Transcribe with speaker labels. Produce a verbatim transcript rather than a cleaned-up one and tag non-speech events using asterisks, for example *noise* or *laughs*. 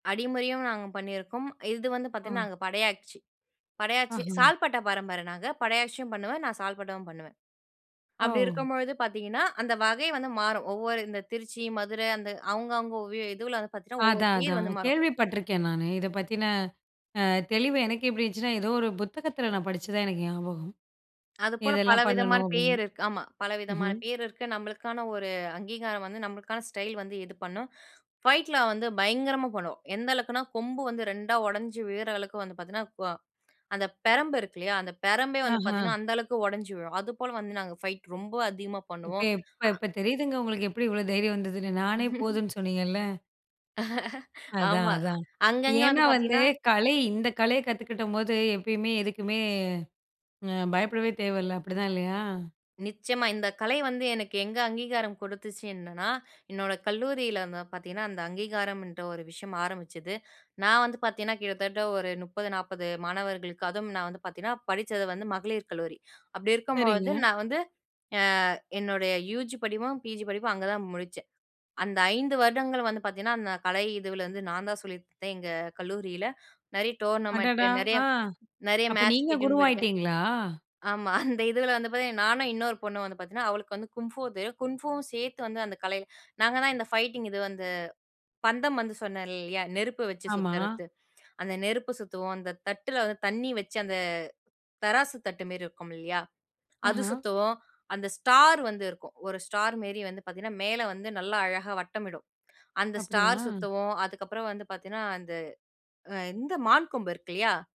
Speaker 1: அடிமுறையும் நாங்க பண்ணியிருக்கோம். இது வந்து
Speaker 2: ஆ.
Speaker 1: பாத்தீங்கன்னா, நாங்க படையாட்சி, படையாட்சி
Speaker 2: ஆஹ.
Speaker 1: சால்பட்ட பரம்பர நாங்க. படையாட்சியும் பண்ணுவேன். நான் சால்பட்டாவும் பண்ணுவேன்
Speaker 2: அ,
Speaker 1: அப்டி
Speaker 2: ஓ.
Speaker 1: இருக்கும்பொழுது பாத்தீங்கன்னா, அந்த வகை வந்து மாறும். ஒவ்வொரு, இந்த திருச்சி, மதுரை அந்த அவுங்க, அவுங்க வீ இதுவுல வந்து பாத்தீங்கன்னா ஒவ்வொரு
Speaker 2: அதான்,
Speaker 1: பேரு
Speaker 2: அதான்.
Speaker 1: வந்து மாறும்.
Speaker 2: கேள்வி பட்ருக்கேன் நானு. இதை பத்தின அ, தெளிவு எனக்கே எப்டி இருந்ச்சுன்னா, ஏதோ ஒரு புத்தகத்தில நான் படிச்சு தான் எனக்கு ஞாபகம்.
Speaker 1: அதுப்போல
Speaker 2: இதெல்லாம்
Speaker 1: பலவிதமான
Speaker 2: பண்ணணும்
Speaker 1: பேர்
Speaker 2: அப்படின்னு,
Speaker 1: இருக்கு. ஆமா. பலவிதமான
Speaker 2: ம்ஹ்ம்,
Speaker 1: பேர் இருக்கு. நம்மளுக்கான ஒரு அங்கீகாரம் வந்து, நம்பளுக்கான ஸ்டைல் வந்து இது பண்ணும். ஃபைட்ல வந்து பயங்கரமா பண்ணுவோம். எந்த அளவுக்குன்னா கொம்பு வந்து ரெண்டா உடைஞ்சி விழுற அளவுக்கு வந்து பாத்தீங்கன்னா, வ அந்த பெரம்பு இருக்கு இல்லையா, அந்த பெரம்பே வந்து
Speaker 2: ஆஹ.
Speaker 1: பாத்தீங்கன்னா அந்த அளவுக்கு உடைஞ்சு விழும். அதுபோல வந்து நாங்க ஃபைட் ரொம்ப அதிகமா
Speaker 2: இப்ப,
Speaker 1: பண்ணுவோம்.
Speaker 2: எப்ப
Speaker 1: அ
Speaker 2: இப்ப தெரியுதுங்க! உங்களுக்கு எப்டி இவ்ளோ தைரியம் வந்ததுன்னு, நானே
Speaker 1: *laughs*
Speaker 2: போதுன்னு சொன்னீங்கல்ல,
Speaker 1: *laughs*
Speaker 2: அதான்,
Speaker 1: ஆமா.
Speaker 2: அதான்.
Speaker 1: அங்கங்க வந்து
Speaker 2: ஏன்னா வந்து
Speaker 1: பாத்தீங்கன்னா
Speaker 2: கலை, இந்த கலையை கத்துக்கிட்டம்போது எப்பயுமே, எதுக்குமே அ பயப்படவே தேவையில்ல. அப்படிதான் இல்லையா?
Speaker 1: நிச்சயமா. இந்த கலை வந்து எனக்கு எங்க அங்கீகாரம் கொடுத்துச்சு என்னன்னா, என்னோட கல்லூரியில வந்து பாத்தீங்கன்னா, அந்த அங்கீகாரம்ன்ற ஒரு விஷயம் ஆரம்பிச்சது. நான் வந்து பாத்தீங்கன்னா, கிட்டத்தட்ட ஒரு முப்பது, நாப்பது மாணவர்களுக்கு, அதுவும் நான் வந்து பாத்தீங்கன்னா, படிச்சது வந்து மகளிர் கல்லூரி. அப்டி
Speaker 2: சரிங்க.
Speaker 1: இருக்கும்பொழுது, நான் வந்து அ, என்னுடைய யூஜி படிப்பும், பிஜி படிப்பும், அங்க தான் முடிச்சேன். அந்த ஐந்து வருடங்கள் வந்து பாத்தீங்கன்னா அந்த கலை இதுவுல வந்து நான் தான் சொல்லிக்குடுத்தேன் எங்க கல்லூரியில. நெறைய டோர்னமென்ட்டு,
Speaker 2: அடடா
Speaker 1: நெறைய
Speaker 2: ஆ,
Speaker 1: நெறைய
Speaker 2: அப்ப
Speaker 1: மேட்ச்க்கு
Speaker 2: நீங்க
Speaker 1: இட்டின்னு போயிருக்கேன்.
Speaker 2: குருவாயிட்டீங்களா?
Speaker 1: ஆமா, அந்த இதுவுல வந்து பாத்தா, நானும் இன்னொரு பொண்ணும் வந்து பாத்தீங்கன்னா, அவளுக்கு வந்து குங்ஃபூ தெரியும். குங்ஃபூவும் சேர்த்து வந்து அந்த கலையில, நாங்க தான் இந்த ஃபைட்டிங் இது வந்து, பந்தம் வந்து சொன்னேன் இல்லையா, நெருப்ப வச்சு
Speaker 2: ஆமா.
Speaker 1: சுத்துறத்து. அந்த நெருப்பு சுத்துவோம். அந்த தட்டில வந்து தண்ணி வச்சு அந்த, தராசு தட்டு மாரி இருக்கும் இல்லையா, அது
Speaker 2: ஆஹ.
Speaker 1: சுத்துவோம் அந்த ஸ்டார் வந்து இருக்கும். ஒரு ஸ்டார் மேரி வந்து பாத்தீங்கன்னா, மேல வந்து நல்லா அழகா வட்டமிடும். அந்த ஸ்டார்
Speaker 2: அப்படியா?
Speaker 1: சுத்துவோம். அதுக்கப்புறம் வந்து பாத்தீங்கன்னா, அந்த, அ இந்த மான் கொம்பு இருக்கு இல்லையா!